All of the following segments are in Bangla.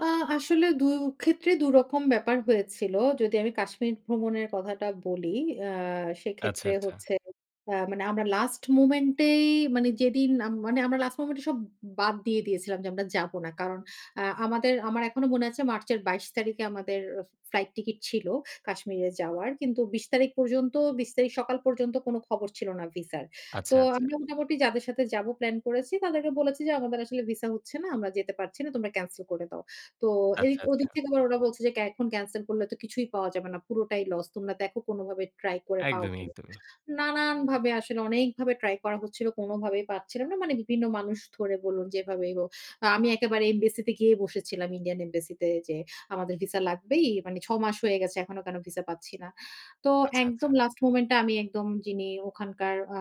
আ আসলে ২ ক্ষেত্রে ২ রকম ব্যাপার হয়েছিল। যদি আমি কাশ্মীর ভ্রমণের কথাটা বলি, আ আচ্ছা, সেক্ষেত্রে আচ্ছা। হচ্ছে, আ মানে আমরা লাস্ট মোমেন্ট এই মানে যেদিন, আমরা লাস্ট মোমেন্ট এ সব বাদ দিয়ে দিয়েছিলাম যে, আমরা যাবো না। কারণ অ্যা আমাদের আমার এখনো মনে আছে মার্চের ২২ তারিখে আমাদের ফ্লাইট টিকেট ছিল কাশ্মীরে যাওয়ার। কিন্তু ২০ তারিখ পর্যন্ত ২০ তারিখ সকাল পর্যন্ত কোন খবর ছিল না ভিসার। তো আচ্ছা, আচ্ছা। আমরা মোটামুটি যাদের সাথে যাব প্ল্যান করেছি। তাদেরকে বলেছি যে, আমাদের আসলে ভিসা হচ্ছে না। আমরা যেতে পারছি না। তোমরা ক্যানসেল করে দাও। তো এই আচ্ছা, ওদিক আচ্ছা। থেকে তো ওরা বলছে যে এখন ক্যানসেল করলে তো কিছুই পাওয়া যাবে না। পুরোটাই লস। তোমরা দেখো কোনভাবে ট্রাই করে পাও একদমই, কি না। একদমই। নানানভাবে আসলে অনেকভাবে ট্রাই করা হচ্ছিল। কোনভাবেই পাচ্ছিলাম না। মানে বিভিন্ন মানুষ ধরে বলুন যেভাবেই হোক। আমি একেবারে এমবাসিতে গিয়ে বসেছিলাম ইন্ডিয়ান এমবাসিতে যে আমাদের ভিসা লাগবেই, মানে ৬ মাস হয়ে গেছে। এখনো কেন ভিসা পাচ্ছি না। তো আচ্ছা, একদম আচ্ছা। লাস্ট মোমেন্ট এ আমি একদম যিনি ওখানকার আ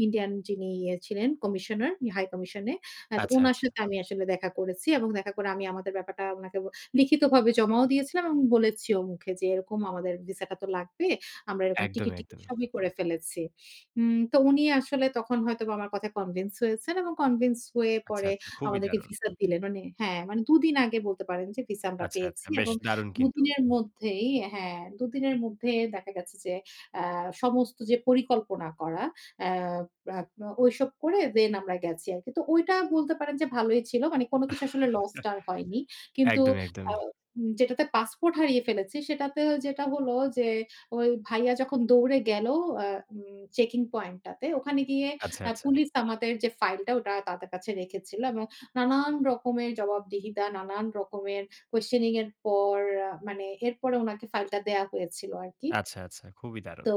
ই ইন্ডিয়ান যিনি ইয়ে ছিলেন কমিশনার, হাই কমিশনে। হ্যাঁ, তো আচ্ছা, উনার আচ্ছা। সাথে আমি আসলে দেখা করেছি এবং দেখা করে আমি আমাদের ব্যাপারটা উনাকে লিখিতভাবে জমাও দিয়েছিলাম এবং বলেছি ও মুখে যে এরকম আমাদের ভিসাটা তো লাগবে। আমরা এরকম টিকিট একদমই, টিকিট একদমই। সবই করে ফেলেছি। উম তো উনি আসলে তখন হয়তো আমার কথা কনভিন্স হয়েছেন এবং কনভিন্স হয়ে আচ্ছা, পরে আচ্ছা। খুবই আমাদেরকে দারুণ। ভিসা দিলেন। মানে হ্যাঁ, মানে ২ দিন আগে বলতে পারেন যে ভিসা আমরা আচ্ছা, আচ্ছা, পেয়েছি বেশ এবং দারুণ ২ কিন্তু। দিনের মধ্যেই হ্যাঁ, ২ দিনের মধ্যেই দেখা গেছে যে, অ্যা সমস্ত যে পরিকল্পনা করা। অ্যা অ্যা ঐসব করে দেন আমরা গেছি আর কি। তো ঐটা বলতে পারেন যে ভালোই ছিল। মানে কোন কিছু আসলে লস টা আর হয়নি। কিন্তু একদমই, আ একদমই। উম যেটাতে পাসপোর্ট হারিয়ে ফেলেছি সেটাতেও যেটা হলো যে, ওই ভাইয়া যখন দৌড়ে গেল অ্যা উম চেকিং পয়েন্টটাতে ওখানে গিয়ে আচ্ছা, অ্যা আচ্ছা। পুলিশ আমাদের যে ফাইলটা ওটা তাদের কাছে রেখেছিল এবং নানান রকমের জবাবদিহিতা, নানান রকমের কোয়েসশনিং এর পর মানে এরপরে উনাকে ফাইলটা দেয়া হয়েছিল আর কি আচ্ছা, আচ্ছা। খুবই দারুণ। তো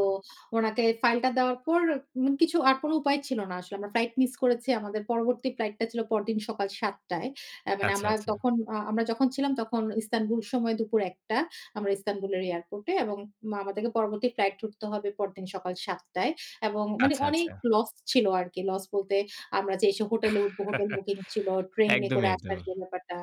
ওনাকে ফাইলটা দেওয়ার পর মানে কিছু আর কোন উপায় ছিল না আসলে। আমরা ফ্লাইট মিস করেছি। আমাদের পরবর্তী ফ্লাইটটা ছিল পরদিন সকাল ৭ টায়। আ মানে আচ্ছা, আমরা আচ্ছা। তখন আ আমরা যখন ছিলাম তখন ইস্তানবুল সময় দুপুর ১ টা। আমরা ইস্তানবুলের এয়ারপোর্টে এবং মানে আমাদেরকে পরবর্তী ফ্লাইট উঠতে হবে পরদিন সকাল ৭ টায় এবং মানে আচ্ছা, অনেক আচ্ছা। লস ছিল আর কি। লস বলতে আমরা যে এসে হোটেলে উঠব, হোটেল বুকিং ছিল, ট্রেনে করে একদমই, আসার একদমই। যে ব্যাপারটা।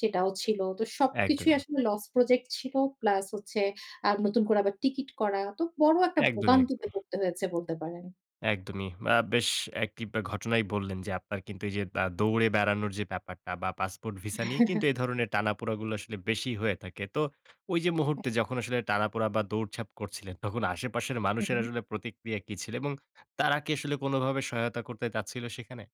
সেটাও ছিল। তো সবকিছুই একদমই। আসলে লস প্রজেক্ট ছিল। প্লাস হচ্ছে আ নতুন করে আবার টিকিট করা। তো বড় একটা একদমই, ভোগান্তিতে একদমই। পড়তে হয়েছে বলতে পারেন। একদমই। আ বেশ একটি ঘটনাই বললেন যে আপনার কিন্তু এইযে আ দৌড়ে বেড়ানোর যে ব্যাপারটা বা পাসপোর্ট ভিসা নিয়ে কিন্তু এ ধরনের টানাপোড়াগুলো আসলে বেশি হয়ে থাকে। তো ওই যে হ্যাঁ। মুহূর্তে যখন আসলে টানাপোড়া বা দৌড়ঝাপ করছিলেন, তখন আশেপাশের হু, মানুষের হু। আসলে প্রতিক্রিয়া কি ছিল এবং তারা কি আসলে কোনভাবে সহায়তা করতে চাচ্ছিল সেখানে?